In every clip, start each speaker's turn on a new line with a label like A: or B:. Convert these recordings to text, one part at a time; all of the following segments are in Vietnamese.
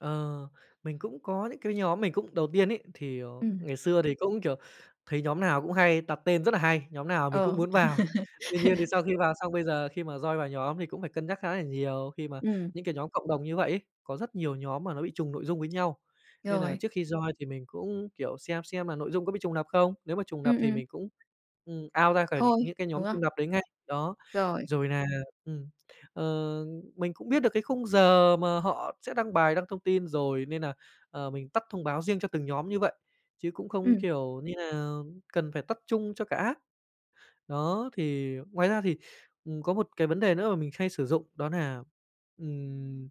A: Ờ, mình cũng có những cái nhóm mình cũng đầu tiên ấy, thì, à,
B: Ừm.
A: ngày xưa thì cũng, kiểu, thấy nhóm nào cũng hay đặt tên rất nà hay, nhóm nào mình cũng
B: Ờ.
A: muốn vào. Tuy nhiên thì sau khi vào xong, bây giờ khi mà join vào nhóm thì cũng phải cân nhắc khá là nhiều khi mà
B: Ừm.
A: những cái nhóm cộng đồng như vậy ấy. Có rất nhiều nhóm mà nó bị trùng nội dung với nhau, nên nà
B: Rồi.
A: trước khi join thì mình cũng, kiểu, xem xem nà nội dung có bị trùng lặp không. Nếu mà trùng lặp
B: Ừm,
A: thì
B: ừm.
A: mình cũng, ừm, out ra khỏi
B: Thôi,
A: những cái nhóm
B: đúng không?
A: trùng lặp đấy ngay. Đó.
B: Rồi.
A: Rồi nà, ừm, ờ, mình cũng biết được cái khung giờ mà họ sẽ đăng bài, đăng thông tin rồi, nên nà, ờ, mình tắt thông báo riêng cho từng nhóm như vậy. Chứ cũng không,
B: Ừm.
A: kiểu như nà, cần phải tắt chung cho cả app. Đó, thì ngoài ra thì, ừm, có một cái vấn đề nữa mà mình hay sử dụng, đó nà, ừm,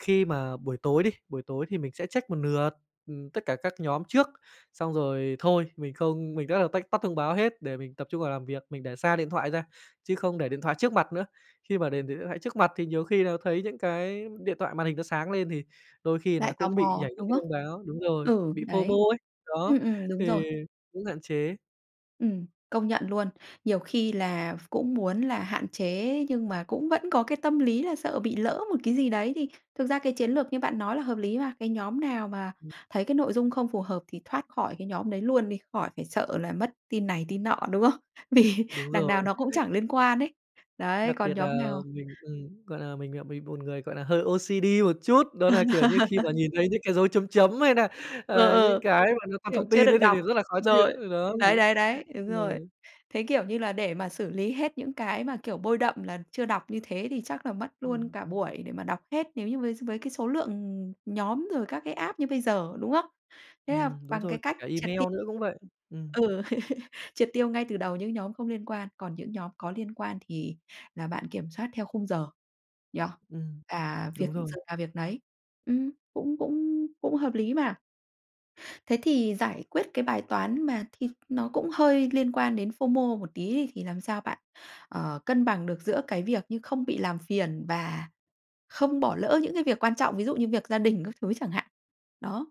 A: khi mà buổi tối đi, buổi tối thì mình sẽ check một lượt, ừm, tất cả các nhóm trước. Xong rồi thôi mình không mình rất là tách tắt thông báo hết để mình tập trung vào làm việc, mình để xa điện thoại ra chứ không để điện thoại trước mặt nữa. Khi mà để để điện thoại trước mặt thì nhiều khi nà thấy những cái điện thoại màn hình nó sáng lên, thì đôi khi nà
B: Lại tò
A: cũng bị
B: mò,
A: nhảy những
B: đúng
A: cái
B: không?
A: thông báo đúng rồi,
B: Ừ,
A: bị FOMO
B: đấy.
A: ấy. Đó,
B: Ừm, ừm, đúng
A: thì
B: rồi.
A: cũng hạn chế.
B: Ừm, công nhận luôn. Nhiều khi là v cũng muốn là hạn chế, nhưng mà cũng vẫn có cái tâm lý là sợ bị lỡ một cái gì đấy, thì thực ra cái chiến lược như bạn nói là hợp lý mà. Cái nhóm nào mà
A: Ừm.
B: thấy cái nội dung không phù hợp thì thoát khỏi cái nhóm đấy luôn đi, khỏi phải sợ là mất tin này tin nọ, đúng không? Vì
A: Đúng
B: đằng nào
A: rồi.
B: nó cũng chẳng liên quan ấy. Đấy,
A: Đặc
B: còn
A: biệt nà,
B: nhóm nào
A: mình ừm, gọi là, mình là bị bột người, gọi là, hơi OCD một chút. Đó nà, kiểu như, khi mà nhìn thấy những cái dấu chấm chấm hay nà,
B: Ừ,
A: ờ, những
B: ừ.
A: cái mà nó còn
B: Kiểu,
A: thông
B: chưa
A: tin
B: được
A: ấy, thì
B: đọc
A: thì rất là khó chịu.
B: rồi,
A: Đó,
B: đấy,
A: thế,
B: đấy, đấy. Đúng
A: ờ
B: rồi. Thế, kiểu như là, để mà xử lý hết những cái mà, kiểu, bôi đậm là chưa đọc như thế, thì chắc là mất luôn
A: Ừm.
B: cả buổi để mà đọc hết nếu như với với cái số lượng, ừm, nhóm rồi các cái app như bây giờ, đúng không? Thế là
A: Ừm, đúng
B: bằng cái
A: rồi, kể
B: cách
A: cả
B: triệt
A: email
B: ti
A: nữa cũng vậy. Ừm.
B: ừ, triệt tiêu ngay từ đầu những nhóm không liên quan, còn những nhóm có liên quan thì là bạn kiểm soát theo khung giờ nhỉ?
A: Ừm,
B: À, việc
A: đúng
B: giờ
A: rồi.
B: nào việc nấy. Ừm, cũng cũng cũng hợp lý mà. Thế thì giải quyết cái bài toán mà thì nó cũng hơi liên quan đến FOMO một tí đi, thì làm sao bạn, ờ, cân bằng được giữa cái việc như không bị làm phiền và không bỏ lỡ những cái việc quan trọng? Ví dụ như việc gia đình các thứ chẳng hạn. Đó.